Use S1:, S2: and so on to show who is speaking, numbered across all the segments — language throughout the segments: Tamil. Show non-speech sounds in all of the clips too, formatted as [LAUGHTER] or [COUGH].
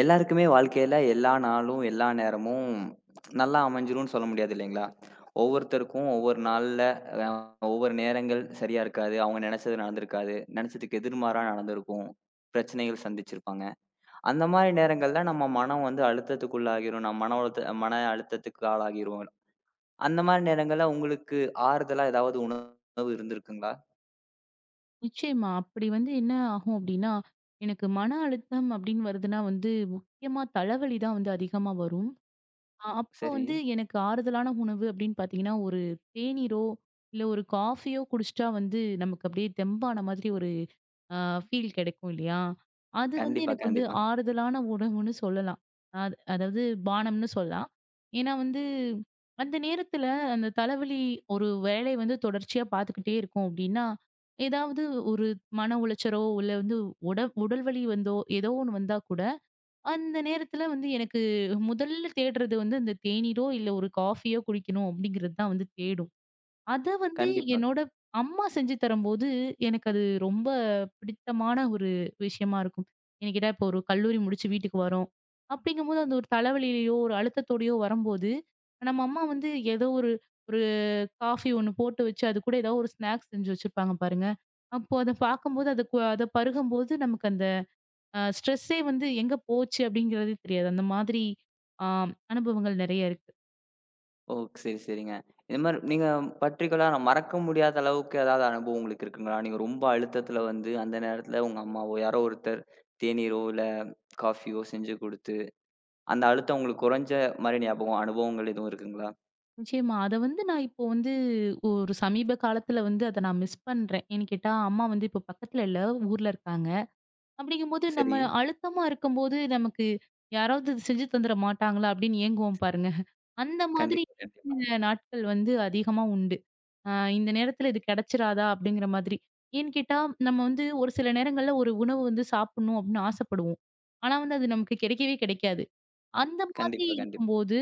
S1: எல்லாருக்குமே வாழ்க்கையில எல்லா நாளும் எல்லா நேரமும் நல்லா அமைஞ்சிரும்னு சொல்ல முடியாது இல்லீங்களா? ஒவ்வொருத்தருக்கும் ஒவ்வொரு நாள்ல அ ஒவ்வொரு நேரங்கள் சரியா இருக்காது. அவங்க நினைச்சது நடந்திருக்காது. நினைச்சதுக்கு எதிர்மாறா நடந்திருக்கும். பிரச்சனைகள் சந்திச்சிருப்பாங்க. அந்த மாரி நேரங்கள்ல நம்ம மனம் வந்து அழுத்தத்துக்குள்ளாகிரும். நம்ம மன உளத் மன அழுத்தத்துக்கு ஆளாகிருவோம். அந்த மாரி நேரங்கள்ல உங்களுக்கு ஆறுதலா ஏதாவது உணவு இருந்திருக்குங்களா?
S2: நிச்சயமா அப்படி வந்து என்ன ஆகும்? அப்படின்னா எனக்கு மன அழுத்தம் அப்படின்னு வருதுன்னா வந்து முக்கியமா தலைவலி தான் அதிகமா வரும். அ அப்ப
S1: சரி.
S2: வந்து எனக்கு ஆறுதலான உணவு அப்படின்னு பார்த்தீங்கன்னா ஒரு தேனீரோ இல்ல ஒரு காஃப்பியோ குடிச்சா வந்து நமக்குத் தெம்பான மாதிரி ஒரு அ ஃபீல் கிடைக்கும் இல்லையா? அது வந்து
S1: கண்டிப்பா,
S2: எனக்கு வந்து
S1: கண்டிப்பா.
S2: ஆறுதலான உணவுன்னு சொல்லலாம். அத் அதாவது பானம்ன்னு சொல்லலாம். ஏன்னா வந்து அந்த நேரத்துல அந்தத் தலைவலி ஒருவேளை வந்து தொடர்ச்சியா பாத்துக்கிட்டே இருக்கும். அப்படின்னா ஏதாவது ஒரு மன உளைச்சலோ இல்ல உட உடல் வலி வந்தோ ஏதோ ஒண்ணு வந்தா கூட அந்த நேரத்துல வந்து எனக்கு முதல்ல தேடுறது அந்தத் தேனீரோ இல்ல ஒரு காஃப்பியோ குடிக்கணும் அப்படிங்கறது தான் தேடும். அத வந்து
S1: கண்டிப்பா.
S2: என்னோட அம்மா செஞ்சு தரும்போது எனக்கு அது ரொம்ப பிடித்தமான ஒரு விஷயமா இருக்கும். எனக்கிட்ட இப்போ ஒரு கல்லூரி முடிச்சு வீட்டுக்கு வரும் அப்படிங்கும் போது ஒரு தலைவலையோ, ஒரு அழுத்தத்தோட வரும்போது நம்ம அம்மா வந்து ஏதோ ஒரு ஒரு காஃப்பியோ ஒண்ணு போட்டு வச்சு, அது கூட ஏதாவது ஒரு ஸ்நாக்ஸ் செஞ்சு வச்சுருப்பாங்க பாருங்க. அப்போ அத பாக்கும்போது அது அத பருகும்போது நமக்கு அந்த அ ஸ்ட்ரஸே வந்து எங்க போச்சு அப்படிங்கறது தெரியாது. அந்த மாதிரி அ அனுபவங்கள் நிறைய இருக்கு.
S1: ஓ, சரி, சரிங்க. இந்த மாரி நீங்க பர்டிகுலர்ர மறக்க முடியாத அளவுக்கு ஏதாவது அனுபவம் உங்களுக்கு இருக்குங்களா? நீங்க ரொம்ப அழுத்தத்துல வந்து அந்த நேரத்துல உங்க அம்மாவோ, யாரோ ஒருத்தர் தேநீரோ இல்ல காஃபியோ செஞ்சு குடுத்து, அந்த அழுத்தம் உங்களுக்குக் குறைஞ்ச மாரி ஞாபகம், அனுபவங்கள் எதுவும் இருக்குங்களா?
S2: நிச்சயமா! அத வந்து நான் இப்போ வந்து ஒரு சமீப காலத்துல வந்து அதை நான் மிஸ் பண்றேன். ஏன்னு கேட்டா அம்மா வந்து இப்போ பக்கத்துல இல்ல. ஊர்ல இருக்காங்க. அப்படிங்கும் போது
S1: சரி.
S2: நம்ம அழுத்தமா இருக்கும்போது நமக்கு யாராவது செஞ்சு தந்துட மாட்டாங்களா அப்படின்னு ஏங்குவோம் பாருங்க. [CHUCKLES] அந்த மாதிரி
S1: கண்டிப்பா, கண்டிப்பா.
S2: நாட்கள் வந்து அதிகமா உண்டு. அ இந்த நேரத்துல இது கெடைச்சுறாதா அப்படிங்கற மாதிரி. ஏன்னுக்கேட்டா நம்ம வந்து ஒரு சில நேரங்கள்ல ஒரு உணவு சாப்பிடணும் அப்படின்னு ஆசைப்படுவோம். ஆனா அது நமக்குக் கிடைக்கவே கிடைக்காது. அந்த மாதிரி
S1: கண்டிப்பா, கண்டிப்பா.
S2: இருக்கும்போது,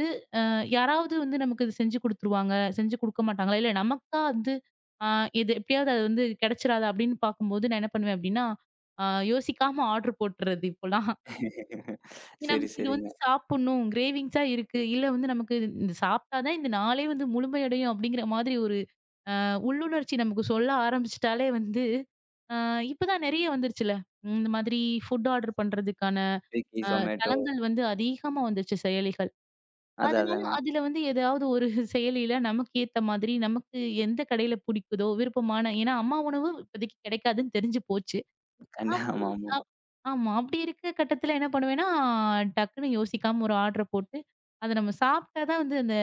S2: அ யாராவது வந்து நமக்குச் செஞ்சு குடுத்துருவாங்க. செஞ்சு குடுக்கமாட்டாங்களா? இல நமக்கா வந்து அ இது எப்படியாவது அது வந்து கிடைச்சுறதா? அப்படின்னு பார்க்கும்போது நான் என்ன பண்ணுவேன் அப்படின்னா, அ யோசிக்காம ஆர்டர் போட்டுடுறது இப்போல்லாம். [CHUCKLES]
S1: சரி,
S2: நமக்கு இது
S1: சரிங்க.
S2: வந்து சாப்பிடணும். க்ரேவிங்ஸ்ஸ இருக்கு. இல்ல வந்து நமக்கு இது சாப்பிட்டா தான் இந்த நாளே வந்து முழுமை அடையும் அப்படிங்கற மாதிரி ஒரு அ உள்ளுணர்ச்சி நமக்கு சொல்ல ஆரம்பிச்சுட்டாலே வந்து, அ இப்போ தான் நெறைய வந்துருச்சிள்ள. இந்த மாதிரி ஃபுட் ஆர்டர் பண்றதுக்கான
S1: Swiggy,
S2: அ
S1: Zomato
S2: தளங்கள் வந்து அதிகமா வந்துடுச்சு, செயலிகள்.
S1: அதான்,
S2: அதனால,
S1: அதாங்க.
S2: அதுல வந்து ஏதாவது ஒரு [CHUCKLES] செயலில நமக்கு ஏத்த மாதிரி, நமக்கு எந்தக் கடையில புடிக்குதோ விருப்பமான, ஏன்னா அம்மா உணவு இப்பதைக்கு கிடைக்காதுன்னு தெரிஞ்சு போச்சு.
S1: கண்டி
S2: அப்படின்
S1: ஆமாமா.
S2: ஆமா. அப்படி இருக்கற கட்டத்துல என்ன பண்ணுவேனா, டக்குன்னு யோசிக்காம ஒரு ஆர்டர் போட்டு அத நாம சாப்பிட்டா தான் அந்த,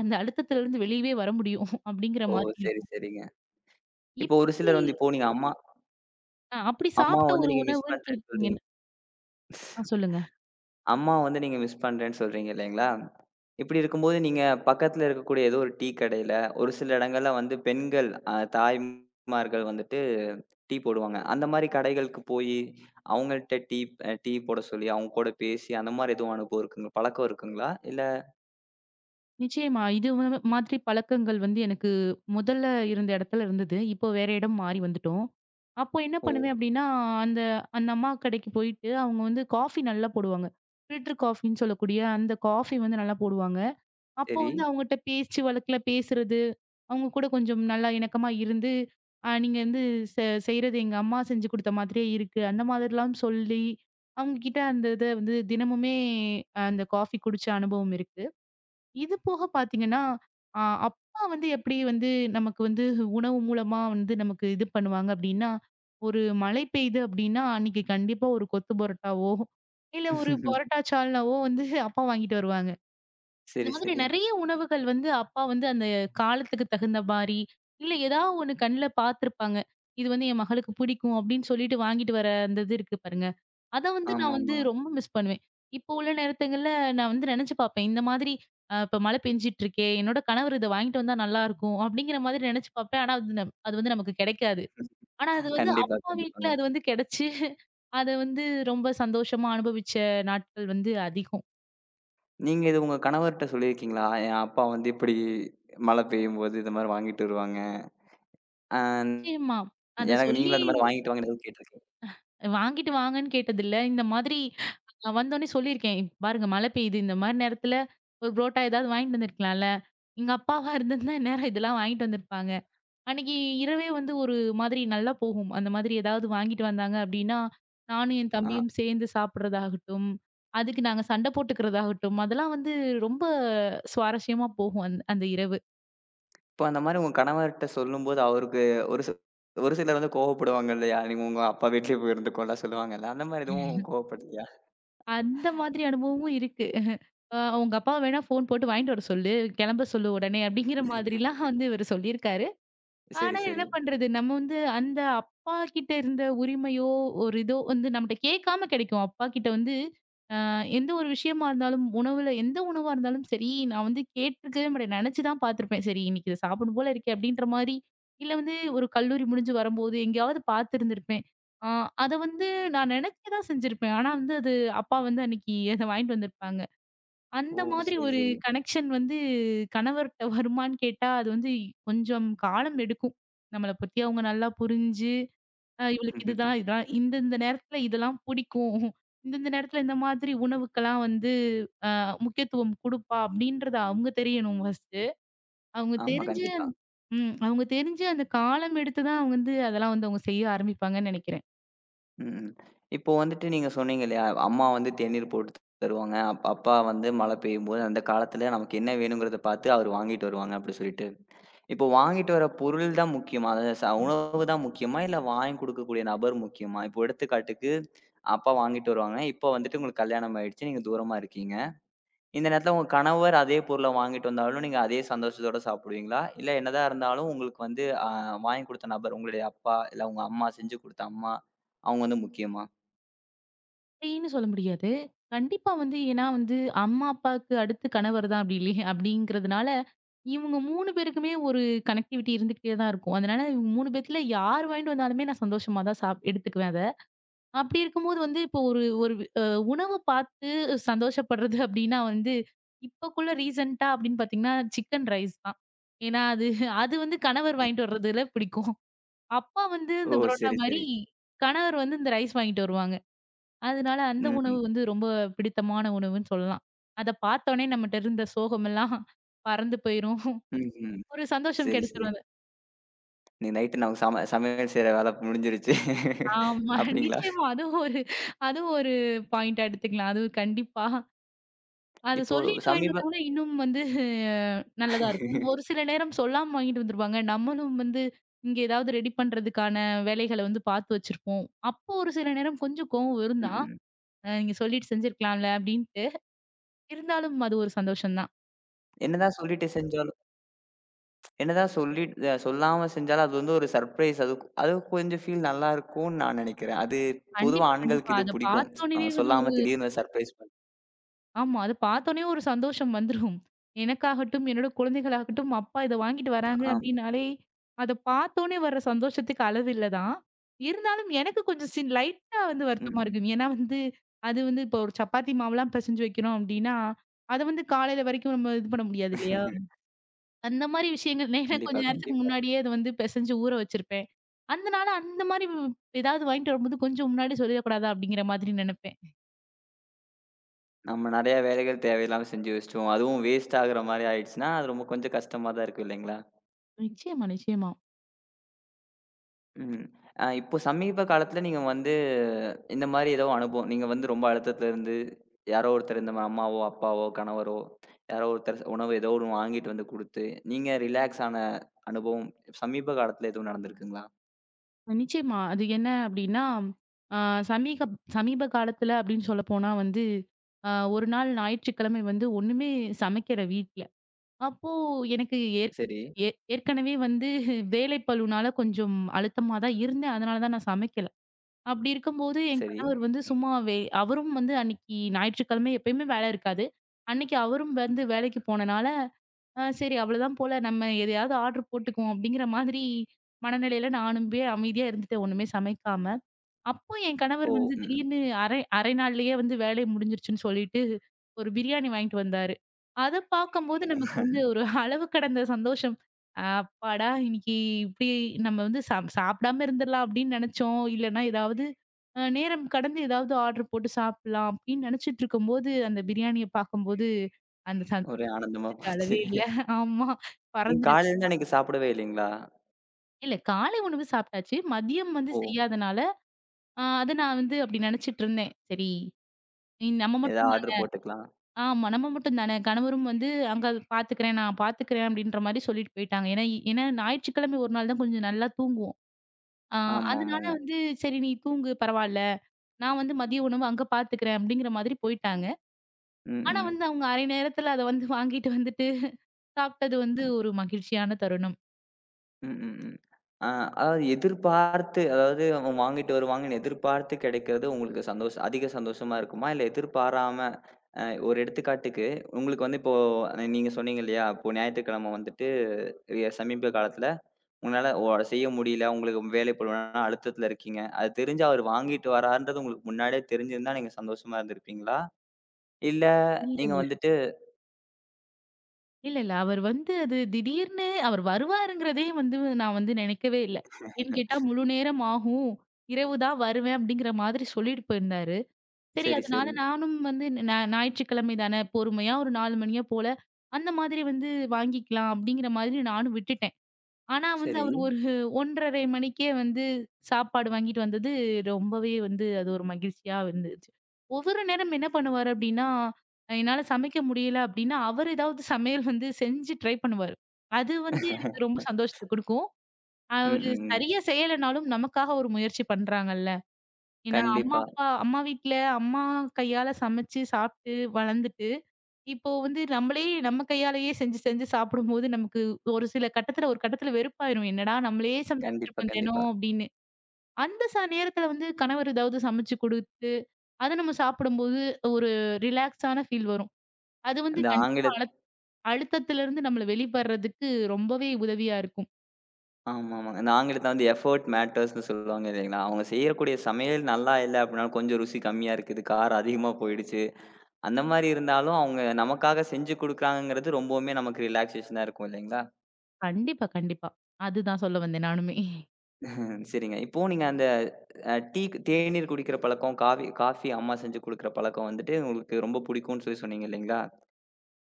S2: அந்த அழுத்தத்துல இருந்து வெளிவே வர முடியும் [CHUCKLES] அப்படிங்கற
S1: ஓ
S2: மாதிரி
S1: சரி,
S2: இருக்கும்.
S1: சரிங்க. இப்ப ஒரு
S2: இப்படி
S1: சிலர் வந்து இப்ப நீங்க அம்மா
S2: அ அப்படி
S1: அம்மாவ
S2: சாப்பிட்ட
S1: வந்து
S2: ஒரு
S1: நீங்க
S2: உணவுன்னு
S1: மிஸ் பண்றேன்னு சொல்றீங்க.
S2: [UNINTELLIGIBLE] அ,
S1: [CHUCKLES]
S2: சொல்லுங்க.
S1: அம்மாவ வந்து நீங்க மிஸ் பண்றேன்னு சொல்றீங்க இல்லீங்களா? இப்படி இருக்கும்போது நீங்கப் பக்கத்துல இருக்கக்கூடிய ஏதோ ஒரு டீ கடையில ஒரு சில இடங்கள்ல வந்து பெண்கள் தாய்மார்கள் வந்துட்டு டீ போடுவாங்க. அந்த மாரி கடைகளுக்குப் போயி அவங்ககிட்ட டீ அ டீ போடச் சொல்லி அவங்க கூடப் பேசி அந்த மாரி எதுவும் அனுபவம் இருக்குங்களா, பழக்கம் இருக்குங்களா? இல்ல.
S2: நிச்சயமா இது ம மாதிரிப் பழக்கங்கள் வந்து எனக்கு முதல்ல இருந்த இடத்துல இருந்தது, இப்போ வேற இடம் மாறி வந்துட்டோம். அப்போ என்ன
S1: ஓ.
S2: பண்ணுவேன் அப்படின்னா அந்த அந்த அம்மா கடைக்குப் போயிட்டு அவங்க வந்து காஃபி நல்லா போடுவாங்க. ஃபில்டர் காஃபின்னு சொல்லக்கூடிய அந்த காஃபி வந்து நல்லா போடுவாங்க. அப்போ
S1: சரி.
S2: வந்து அவங்க கிட்ட பேச்சு வழக்குல பேசுறது, அவங்க கூடக் கொஞ்சம் நல்லா இணக்கமா இருந்து, அ நீங்க வந்து வ செய்யறது எங்க அம்மா செஞ்சு கொடுத்த மாதிரியே இருக்கு, அந்த மாதிரி எல்லாம் சொல்லி அவங்ககிட்ட அந்த இத வந்து தினமுமே அந்த காஃபி குடிச்ச அனுபவம் இருக்கு. இது போகப் பாத்தீங்கன்னா, அ அப்பா வந்து எப்படி வந்து நமக்கு வந்து [CHUCKLES] உணவு மூலமா வந்து நமக்கு இது பண்ணுவாங்க அப்படின்னா ஒரு மழை பெய்து அப்படின்னா அன்னைக்கு கண்டிப்பா ஒரு கொத்து [CHUCKLES] பரோட்டாவோ இல்ல ஒரு
S1: [LAUGHS]
S2: பரோட்டா சால்னாவோ [CHUCKLES] வந்து அப்பா வாங்கிட்டு வருவாங்க. இந்த
S1: சரி,
S2: மாதிரி
S1: சரி.
S2: நிறைய உணவுகள் வந்து அப்பா வந்து அந்தக் காலத்துக்குத் தகுந்த மாரி, இல்ல ஏதாவது ஒண்ணு கண்ணுல பாத்துருப்பாங்க, இது வந்து என் மகளுக்குப் பிடிக்கும் அப்படின்னு சொல்லிட்டு வாங்கிட்டு வர அந்த இது இருக்கு பாருங்க. அத வந்து நான் வந்து
S1: ஆமாமா.
S2: ரொம்ப மிஸ் பண்ணுவேன். இப்போ உள்ள நேரத்துகள்ல நான் வந்து நெனச்சு பாப்பேன், இந்த மாதிரி, அ இப்ப மழ பெய்ஞ்சுட்டு இருக்கே, என்னோட கணவர் இத வாங்கிட்டு வந்தா நல்லா இருக்கும் அப்படிங்கற மாதிரி நெனச்சு பாப்பேன், ஆனா வந்து அ அது வந்து நமக்குக் கிடைக்காது. ஆனா அது
S1: [LAUGHS]
S2: வந்து
S1: கண்டிப்பா,
S2: அப்பா வீட்டுல
S1: கண்டிப்பாங்க.
S2: அது வந்து [CHUCKLES] கிடச்சு அத வந்து ரொம்ப சந்தோஷமா அனுபவிச்ச நாட்கள் வந்து அதிகம்.
S1: நீங்க இது உங்க கணவர்கிட்ட சொல்லி இருக்கீங்களா? என் அப்பா வந்து இப்பிடி மழை பெய்யும் போது இதுமாரி வாங்கிட்டு வருவாங்க. அன்
S2: நிச்சயமா. அத
S1: எனக்கு
S2: சொல்லி
S1: நீங்களும்
S2: உ
S1: இதுமாரி வாங்கிட்டு வாங்கன்னு எதும் கேட்டிருக்கீங்களா?
S2: [CHUCKLES] வாங்கிட்டு வாங்கன்னு கேட்டதில்லை. இந்த மாதிரி நான் வந்தவுடனே சொல்லி இருக்கேன், இப்ப பாருங்க! மழை பெய்து. இந்தமாரி நேரத்துல ஒரு புரோட்டா ஏதாவது வாங்கிட்டு வந்திருக்கலாம்ல. எங்க அப்பாவா இருந்ததா, இந்நேரம் இதுலாம் வாங்கிட்டு வந்து இருப்பாங்க. அன்னக்கி இரவே வந்து ஒரு மாதிரி நல்லா போகும். அந்தமாதிரி எதாவது வாங்கிட்டு வந்தாங்க அப்பிடின்னா, நானும் என்
S1: ஆ.
S2: தம்பியும் சேர்ந்து சாப்பிடறதாகட்டும், அதுக்கு நாங்க சண்டை போட்டுக்கிறது ஆகட்டும். அதெல்லாம் வந்து ரொம்ப சுவாரஸ்யமா போகும். அந் அந்த இரவு.
S1: இப்ப அந்தமாரி உங்க கணவர்கிட்ட சொல்லும்போது அவருக்கு ஒரு சில ஒரு சிலர் வந்து கோவப்படுவாங்க இல்லயா! நீ உங்க அப்பா வீட்லே போய் இருந்துக்கோன்னு எல்லாம் சொல்லுவாங்கள்ல, அந்தமாரி எதுவும்
S2: [CHUCKLES]
S1: கோபப்படலயா?
S2: அந்த மாதிரி
S1: [CHUCKLES]
S2: அனுபவமும் இருக்கு [CHUCKLES] அ உங்க அப்பாவ வேணா ஃபோன் போட்டு வாங்கிட்டு வரச் சொல்லு. கிளம்ப சொல்லு உடனே, அப்பிடிங்கிற மாதிரி எல்லாம்
S1: [UNINTELLIGIBLE]
S2: வந்து இவரு சொல்லி இருக்காரு.
S1: சரி,
S2: ஆனா
S1: சரி.
S2: என்ன பண்றது? நம்ம வந்து அந்த அப்பாகிட்ட இருந்த உரிமையோ! ஒரு இதோ வந்து நம்மகிட்ட கேக்காம கிடைக்கும். அப்பா கிட்ட வந்து, ஆ எந்த ஒரு விஷயமா இருந்தாலும், உணவுல எந்த உணவு இருந்தாலும் சரி, நான் கேட்டுருக்கவே மாட்டேன். நினைச்சுதான் பாத்துருப்பேன். சரி இன்னக்கி இத சாப்புட்ணும் போல இருக்கு, அப்பிடின்றமாரி. இல்ல வந்து ஒரு கல்லூரி முடிஞ்சு வரும்போது எங்காவது பாத்து இருந்து இருப்பேன். ஆ அத வந்து நான் நினைக்கதான் செஞ்சு இருப்பேன். ஆனா அது அப்பா வந்து அன்னக்கி அத வாங்கிட்டு வந்து இருப்பாங்க.
S1: ஓ!
S2: அந்த மாதிரி
S1: சரி,
S2: ஒரு
S1: சரி.
S2: கனெக்ஷன் வந்து கணவர்கிட்ட வருமான்னு கேட்டா, அது வந்து கொஞ்சம் காலம் எடுக்கும். நம்மள பத்தி அவுங்க நல்லா புரிஞ்சு, அ இவளுக்கு இது தான்
S1: [CHUCKLES]
S2: இந்த இந்த நேரத்து இதெல்லாம் பிடிக்கும். [CHUCKLES] இந்த இந்த நேரத்துல இந்த மாதிரி உணவுக்கெல்லாம் வந்து அ முக்கியத்துவம் கொடுப்பா! அப்பபிடின்றத அவுங்க தெரியணும் ஃபர்ஸ்டு அவுங்க
S1: ஆமா.
S2: தெரிஞ்சு
S1: கண்டிப்பா.
S2: ம் அவுங்க தெரிஞ்சு அந்தக் காலம் எடுத்து தான் அவுங்க வந்து அதெல்லாம் வந்து செய்ய ஆரம்பிப்பாங்கன்னு நினைக்கிறேன்.
S1: ம். இப்ப வந்துட்டு நீங்கச் சொன்னீங்க இல்லையா? அம்மா வந்து தேநீர் போட்டுத் தருவாங்க, அப்பா வந்து மழப் பெய்யும்போது அந்தக் காலத்துல நமக்கு என்ன வேணும்கிறத பாத்து அவரு வாங்கிட்டு வருவாங்க அப்படி சொல்லிட்டு. இப்ப வாங்கிட்டு வரப் பொருள் தான் முக்கியமா, ச உணவு தான் முக்கியமா இல்ல வாங்கி கொடுக்கக்கூடிய நபர் முக்கியமா? இப்போ எடுத்துக்காட்டுக்கு அப்பா வாங்கிட்டு வருவாங்க, இப்ப வந்துட்டு உங்களுக்குக் கல்யாணம் ஆயிடுச்சு, நீங்கத் தூரமா இருக்கீங்க. இந்த நேரத்துல உங்க கணவர் அதே பொருள வாங்கிட்டு வந்தாலும் நீங்க அதே சந்தோஷத்தோடு சாப்பிடுவீங்களா, இல்ல என்னதான் இருந்தாலும் உங்களுக்கு வந்து, அ வாங்கிக் கொடுத்த நபர் உங்களுடய அப்பா இல்ல உங்க அம்மா செஞ்சு கொடுத்த அம்மா அவங்க வந்து முக்கியமா?
S2: அப்படீன்னு சொல்ல முடியாது. கண்டிப்பா வந்து ஏன்னா வந்து அம்மா அப்பாவுக்கு அடுத்து கணவர் தான் அப்படீ இல்லயா அப்படிங்கிறதுனால இவங்க 3 பேருக்குமே ஒரு கனக்டிவிட்டி இருந்துக்கிட்டே தான் இருக்கும். அதனால 3 பேத்துல யார் வாங்கிட்டு வந்தாலுமே நான் சந்தோஷமா தான் சாப் எடுத்துக்குவேன் அத. அப்படி இருக்கும்போது வந்து இப்போ ஒரு ஒரு அ உணவு பாத்து சந்தோஷப்படுறது அப்படின்னா வந்து இப்பக்குள்ள ரீஸண்ட்டா அப்படின்னு பாத்தீங்கன்னா சிக்கன் ரைஸ் தான். ஏன்னா அது [CHUCKLES] அது வந்து கணவர் வாங்கிட்டு வர்றதுல பிடிக்கும். அப்பா வந்து
S1: ஓ!
S2: அந்த பரோட்ட்டா
S1: சரி
S2: மாரி
S1: சரி.
S2: கணவர் வந்து இந்த ரைஸ் வாங்கிட்டு வருவாங்க. அதனால அந்த
S1: ம். ம்.
S2: உணவு வந்து ரொம்ப பிடித்தமான உணவுன்னு சொல்லலாம். அதப் பார்த்தோனே நம்மட்ட இருந்த சோகம் [CHUCKLES] எல்லாம் பறந்து [CHUCKLES] போயிரும்.
S1: ம். ம்.
S2: ஒரு சந்தோஷம்
S1: சரி சரி.
S2: கெடச்சுரும் அத.
S1: இன்னைக்கு நைட் சம சமையல் செய்யுற வேலை முடிஞ்சிருச்சு. [LAUGHS]
S2: ஆமா, [CHUCKLES]
S1: அப்படீங்களா?
S2: நிச்சயமா அது ஒரு அது ஒரு பாய்ண்ட்டா எடுத்துக்கலாம். அது கண்டிப்பா. அதைச்
S1: இப்போ
S2: சொல்லிட்டு வாங்கி
S1: சமீப
S2: வந்தா இன்னும் வந்து நல்லா இருக்கும். ஒரு சில
S1: [LAUGHS]
S2: நேரம் சொல்லாம வாங்கிட்டு வந்துருப்பாங்க. நம்மளும் வந்து இங்க எதாவது ரெடி பண்றதுக்கான வேலைகளைப் பாத்து வச்சிருக்கோம். அப்போ ஒரு சில நேரம் கொஞ்சம் கோபம் வரும்
S1: ம்.
S2: தான்
S1: ம்.
S2: நீங்கச் சொல்லிட்டு செஞ்சிருக்கலாம் அப்படின்ட்டு. இருந்தாலும் அது ஒரு சந்தோஷம் தான்.
S1: என்னதான் சொல்லிட்டு செஞ்சாலும் என்னதான் சொல்லிட் சொல்லாம செஞ்சாலும் அது ஒரு ஸர்ப்ரைஸ் அது அது கொஞ்சம் ஃபீல் நல்லா இருக்கும்னு நான் நினைக்கிறேன். அது பொதுவா
S2: கண்டிப்பா. கண்டிப்பா
S1: ஆண்களுக்கு இது
S2: அதைப்
S1: பிடிக்கும்.
S2: பாத்த உடனே
S1: [TSK]
S2: அது ஒரு
S1: சொல்லாம திடீர்னு ஸர்ப்ரைஸ் பண்றது.
S2: ஆமா. அதைப் பாத்த உடனே ஒரு சந்தோஷம் [CHUCKLES] வந்துரும். எனக்காகட்டும், என்னோட குழந்தைகள் ஆகட்டும், அப்பா இத வாங்கிட்டு வராங்க
S1: ஆம்.
S2: அப்படின்னாலே அதைப் பாத்த உடனே வர்ற சந்தோஷத்துக்கு அளவு இல்ல தான். இருந்தாலும் எனக்குக் கொஞ்சம் சின் லைட்டா வந்து வருத்தமா
S1: ம்.
S2: இருக்கும். ஏன்னா அது வந்து இப்போ சப்பாத்தி மாவு எல்லாம் பிசைஞ்சு வைக்கணும் அப்படின்னா, அத வந்து காலைல வரைக்கும் இது பண்ண முடியாது இல்லையா?
S1: [LAUGHS]
S2: அந்த மாதிரி விஷயங்கள்.
S1: கண்டிப்பா
S2: கொஞ்சம் நேரத்துக்கு
S1: கண்டிப்பா.
S2: முன்னாடியே வந்து பிசைஞ்சு ஊற வச்சிருப்பேன். அதனால அந்த மாதிரி ஏதாவது வாங்கிட்டு வரும்போது கொஞ்சம் முன்னாடியே சொல்லக் கூடாதா அப்படிங்கிற மாதிரி நினைப்பேன். [CHUCKLES]
S1: நம்ம நறைய வேலைகள் தேவையில்லாம செஞ்சு வச்சிட்டோம். அதுவும் வேஸ்ட் ஆகுற மாரி ஆயிடுச்சுன்னா அது ரொம்ப கொஞ்சம் கஷ்டமாதான் இருக்கு இல்லீங்களா?
S2: நிச்சயமா நிச்சயமா.
S1: ம். அ இப்போ சமீப காலத்துல நீங்க வந்து இந்த மாரி எதோ அனுபவம் நீங்க வந்து ரொம்ப அழுத்தத்துல இருந்து யாரோ ஒருத்தர் இந்த அம்மாவோ, அப்பாவோ, கணவரோ யாரோ ஒருத்தர் உணவு எதோ ஒண்ணு வாங்கிட்டு வந்து கொடுத்து நீங்க ரிலாக்ஸ் ஆன அனுபவம் சமீப காலத்துல எதுவும் நடந்துருக்குங்களா?
S2: அ நிச்சயமா. அது என்ன அப்படின்னா, அ சமீக சமீப காலத்துல அப்படின்னு சொல்லப்போனா வந்து, அ ஒரு நாள் ஞாயிற்றுக்கிழமை வந்து ஒண்ணுமே சமைக்கல வீட்டுல. அப்போ எனக்கு ஏ
S1: சரி.
S2: ஏ ஏற்கனவே வந்து [CHUCKLES] வேலைப்பளுவுனால கொஞ்சம் அழுத்தமா தான் இருந்தேன், அதனால தான் நான் சமைக்கல. அப்படி இருக்கும்போது என்
S1: சரி.
S2: கணவர் வந்து சும்மாவே அவரும் வந்து அன்னிக்கு ஞாயிற்றுக்கழமை எப்பவுமே வேல இருக்காது. அன்னைக்கு அவரும் வந்து வேலைக்குப் போனனால சரி அவ்ளோ தான் போல நம்ம எதையாவது ஆர்டர் போட்டுக்குவோம் அப்படிங்கிற மாதிரி மனநிலையில நானும்பே அமைதியா இருந்துட்டேன் ஒண்ணுமே சமைக்காம. அப்போ என் கணவர்
S1: ஓ,
S2: வந்து
S1: ம்.
S2: திடீர்னு அரை அரை நாள்லயே வந்து வேலை முடிஞ்சிருச்சுன்னு [CHUCKLES] சொல்லிட்டு ஒரு பிரியாணி வாங்கிட்டு வந்தாரு. அத பாக்கும்போது நமக்கு வந்து
S1: [LAUGHS]
S2: ஒரு அளவு கடந்த சந்தோஷம். அப்பாடா! இன்னிக்கு இப்படி நம்ம வந்து சாப் சாப்பிடாம இருந்திரலாம் அப்படின்னு நெனச்சோம், இல்லனா எதாவது அ நேரம் கடந்து எதாவது ஆடர் போட்டு சாப்பிடலாம் அப்படின்னு நெனச்சிட்டு இருக்கும்போது அந்தப் பிரியாணியப் பாக்கும்போது அந்தச்
S1: ஒரே ஆனந்தமா
S2: சந்தோஷத்துக்கு
S1: போச்சு.
S2: அளவே இல்ல. ஆமா
S1: நீங்கக்
S2: பறந்துச்சு
S1: காலைலேந்து அன்னைக்கு சாப்பிடவே இல்லைங்களா?
S2: இல்ல காலை உணவு சாப்பிட்டாச்சு மதியம் வந்து
S1: ஓ.
S2: செய்யாதனால அ அத நான் வந்து அப்படி நினைச்சிட்டு இருந்தேன். சரி, நம்ம
S1: எதா
S2: மட்டும் தான
S1: ஆடர் போட்டுக்கலாம்.
S2: ஆமா நம்ம மட்டும் தான கணவரும் வந்து அங்க பாத்துக்குறேன். நான் பாத்துக்குறேன் அப்படின்ற மாதிரி சொல்லிட்டு போயிட்டாங்க ஏன்னா-ஏன்னா ஞாயிற்றுக்கிழமை ஒரு நாள் தான் கொஞ்சம் நல்லா தூங்குவோம். அ அதனால
S1: ஆமாமாங்க.
S2: வந்து சரி நீ தூங்கு பரவால்ல நான் வந்து மதிய உணவு அங்க பாத்துக்குறேன் அப்படிங்கற மாதிரி போயிட்டாங்க.
S1: ம்.
S2: ஆனா வந்து
S1: ம்.
S2: அவங்க அரை நேரத்துல அத வந்து வாங்கிட்டு வந்துட்டு சாப்பிட்டது வந்து ஒரு மகிழ்ச்சியான தருணம்.
S1: ம். ம். ம் அ அதாவது எதிர்பார்த்து அதாவது வாங்கிட்டு வருவாங்கன்னு எதிர்பார்த்து கிடைக்கிறது உங்களுக்குச் சந்தோஷம் அதிக சந்தோஷமா இருக்குமா? இல்ல எதிர்பாராம ஒரு எடுத்துக்காட்டுக்கு உங்களுக்கு வந்து இப்போ நீங்கச் சொன்னீங்க இல்லையா? ஞாயித்துக்கிழமை வந்துட்டு சமீப காலத்துல உன்னால ஓ செய்ய முடியல. உங்களுக்கு வேலை பளுவுனால அழுத்தத்துல இருக்கீங்க. அதைத் தெரிஞ்சு அவர் வாங்கிட்டு வரார்ன்றது உங்களுக்கு முன்னாடியே தெரிஞ்சிருந்தா நீங்கச் சந்தோஷமா இருந்திருப்பீங்களா? இல்ல
S2: இல்ல,
S1: நீங்க
S2: இல்ல.
S1: வந்துட்டு
S2: இல்ல இல்ல. அவர் வந்து அது திடீர்னு அவர் வருவாருங்கிறதையும் வந்து நான் வந்து நினைக்கவே இல்ல. ஏன் கேட்டா
S1: [LAUGHS]
S2: முழு நேரம் ஆகும் இரவு தான் வருவேன் அப்படிங்கிற மாதிரி சொல்லிட்டு போயிருந்தாரு. சரி
S1: சரி,
S2: அதனால
S1: சரி.
S2: நானும் வந்து நா ஞாயிற்றுக்கிழமைதான பொறுமையா ஒரு 4 மணியா போல அந்த மாதிரி வந்து வாங்கிக்கலாம் அப்படிங்கற மாதிரி நானும் விட்டுட்டேன். ஆனா வந்து
S1: சரி.
S2: அவர் ஒரு 1 1/2 மணிக்கே வந்து சாப்பாடு வாங்கிட்டு வந்தது ரொம்பவே வந்து அது ஒரு மகிழ்ச்சியா வந்துச்சு. ஒவ்வொரு நேரம் என்ன பண்ணுவார் அப்படின்னா, என்னால சமைக்க முடியல அப்படின்னா அவரு எதாவது சமையல் வந்து செஞ்சு ட்ரை பண்ணுவாரு. அது வந்து எனக்கு ரொம்ப சந்தோஷத்தை
S1: [LAUGHS]
S2: கொடுக்கும்
S1: ம்.
S2: அவரு
S1: ம்.
S2: சரியா செய்யலைன்னாலும் நமக்காக ஒரு முயற்சி பண்றாங்கள்ல. ஏன்னா அம்மா,
S1: கண்டிப்பா.
S2: அப்பா, அம்மா வீட்டுல அம்மா கையால சமைச்சு சாப்பிட்டு வளர்ந்துட்டு இப்போ வந்து நம்மளே நம்ம கையால செஞ்சு செஞ்சு சாப்பிடும்போது, நமக்கு ஒரு சில கட்டத்துல ஒரு கட்டத்துல வெறுப்பா இருக்கும். என்னடா நம்மளே சமைச்சிட்டு
S1: கண்டிப்பா,
S2: இருக்கோம்
S1: கண்டிப்பா.
S2: தினம் அப்படின்னு அந்த ச நேரத்துல வந்து கணவர் ஏதாவது சமைச்சு கொடுத்து அதை நம்ம சாப்பிடும்போது ஒரு ரிலாக்ஸா ஆன ஃபீல் வரும். அது வந்து
S1: அந்த
S2: கண்டிப்பா
S1: ஆங்கிலத்
S2: அழுத்தத்துல இருந்து நம்மள வெளிப்படுறதுக்கு ரொம்பவே உதவியா இருக்கும்.
S1: ஆமாம்மா. அந்த ஆங்கிலத்துல எஃப்பர்ட் மேட்டர்ஸ் ன்னு சொல்லுவாங்க இல்லீங்களா? அவங்க செய்யக்கூடிய சமையல் நல்லா இல்ல அப்படின்னாலும் கொஞ்சம் ருசி கம்மியா இருக்குது, காரம் அதிகமா போயிடுச்சு, அந்த மாரி இருந்தாலும் அவங்க நமக்காகச் செஞ்சு கொடுக்கிறாங்கன்றது ரொம்பவுமே நமக்கு ரிலாக்ஸேஷன்னா இருக்கும் இல்லைங்களா?
S2: கண்டிப்பா, கண்டிப்பா. அதுதான் சொல்ல வந்தே நானுமே. [CHUCKLES]
S1: [LAUGHS] சரிங்க. இப்போ நீங்க அந்த டீக் தேநீர் குடிக்கிற பழக்கம், காவி காஃபி அம்மா செஞ்சு கொடுக்கிற பழக்கம் வந்துட்டு உங்களுக்கு ரொம்ப புடிக்கும்னு சொல்லி சொன்னீங்க இல்லீங்களா?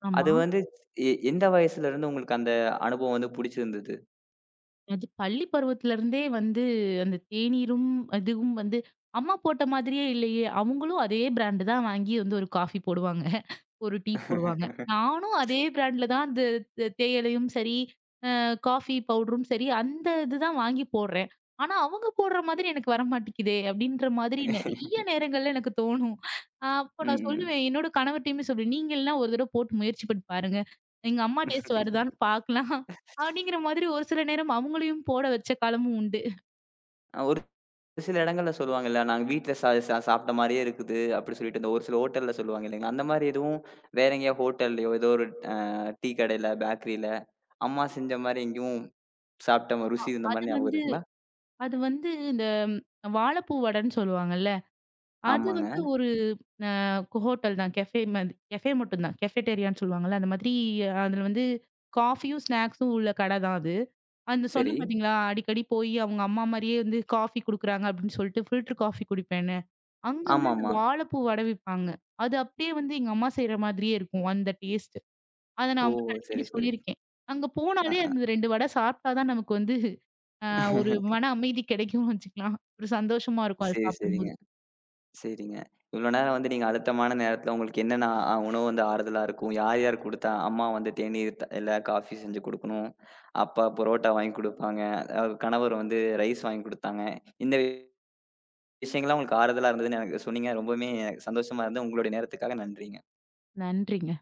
S2: ஆமா.
S1: அது வந்து எ எந்த வயசுல இருந்து உங்களுக்கு அந்த அனுபவம் வந்து பிடிச்சிருந்தது?
S2: அது பள்ளிப் பருவத்திலிருந்தே வந்து அந்தத் தேநீரும், அதுவும் வந்து அம்மா போட்ட மாதிரியே இல்லையே. அவங்களும் அதே ப்ராண்டு தான் வாங்கி வந்து ஒரு காஃபி போடுவாங்க, ஒரு டீ போடுவாங்க. நானும்
S1: [LAUGHS]
S2: அதே ப்ராண்ட்ல தான் இந்தத் தேயிலையும் சரி, அ காஃபி பவுடரும் சரி அந்த இது தான் வாங்கி போடுறேன். ஆனா அவங்க போடுற மாரி எனக்கு வர மாட்டேங்குதே அப்படிங்கிற மாதிரி நறைய
S1: [LAUGHS]
S2: நேரங்கள்ல எனக்குத் [CHUCKLES] தோணும். அப்போ நான்
S1: ம்.
S2: சொல்லுவேன், என்னோட கணவர்டையும் சொல்லுவேன், நீங்க எல்லாம் ஒரு தடவை போட்டு முயற்சி பண்ணி பாருங்க. எங்க அம்மா டேஸ்ட் வருதான்னு [CHUCKLES] பாக்கலாம்
S1: [LAUGHS]
S2: அப்படிங்கிற மாதிரி ஒரு சில நேரம் அவங்களையும் போட வச்ச காலமும் உண்டு. [CHUCKLES]
S1: ஒரு சில இடங்கள்ல சொல்லுவாங்க இல்ல, நாங்க வீட்டில சா சா சாப்ட்ட மாரியே இருக்குது அப்படி சொல்லிட்டு ஒரு சில ஹோட்டல்ல சொல்லுவாங்க இல்லைங்களா, அந்த மாரி எதுவும் வேற எங்கேயா ஹோட்டல்லயோ ஏதோ ஒரு, ஆ டீ கடையில, பேக்கரீல அம்மா செஞ்ச மாரி எங்கயும் சாப்பிட்ட
S2: அ
S1: ருசி இருந்த
S2: அது
S1: மாரி ஞாபகம்
S2: வந்து
S1: இருக்குங்களா?
S2: அது வந்து இந்த வாப்பூ வடன்னு சொல்லுவாங்கள்ல. அது
S1: ஆமாங்க.
S2: வந்து ஒரு, அ, ஹோட்டல் தான் கஃபே மாதிரி கஃபே மட்டும்தான் கஃபட்டீரியான்னு சொல்லுவாங்கள்ல, அந்த மாதிரி அதுல வந்து காஃபியும் ஸ்னேக்ஸ்ஸும் உள்ள கட தான் அது. அந்த
S1: சரி.
S2: சொன்னேன் பாத்தீங்களா, அடிக்கடி போயி அவங்க அம்மா மாரியே வந்து காஃபி குடுக்குறாங்க அப்படின்னு சொல்லிட்டு ஃபில்டர் காஃபி குடிப்பேன்னு. அங்க வந்து
S1: ஆமாம்மா.
S2: வாழப்பூ வட விப்பாங்க. அது அப்படியே வந்து எங்க அம்மா செய்ற மாதிரியே இருக்கும் அந்த டேஸ்ட்டு. அத நான்
S1: ஓ
S2: அவங்ககிட்ட
S1: சரி,
S2: அடிக்கடி சொல்லி
S1: சரி.
S2: இருக்கேன். அங்க
S1: அ,
S2: போனாலே
S1: அ.
S2: அந்த ரெண்டு வட சாப்பிட்டாதான் நமக்கு வந்து, அ ஒரு மன
S1: [LAUGHS]
S2: அமைதி கடைக்கும்னு வச்சுக்கலாம். ஒரு சந்தோஷமா இருக்கும் அதச்
S1: சரி, சரிங்க.
S2: சாப்பிடும்போது.
S1: சரிங்க. இவ்வளவு நேரம் வந்து நீங்க அழுத்தமான நேரத்துல உங்களுக்கு என்னென்ன உணவு வந்து ஆறுதலா இருக்கும், யார் யார் குடுத்தா, அம்மா வந்து தேநீர் இல்ல காஃபி செஞ்சு கொடுக்கணும், அப்பா பரோட்டா வாங்கிக் கொடுப்பாங்க, கணவர் வந்து ரைஸ் வாங்கிக் கொடுத்தாங்க. இந்த விஷயங்கள் எல்லாம் உங்களுக்கு ஆறுதலா இருந்ததுன்னு எனக்கு சொன்னீங்க, ரொம்பவுமே எனக்குச் சந்தோஷமா இருந்தது. உங்களுடைய நேரத்துக்காக நன்றிங்க.
S2: நன்றிங்க.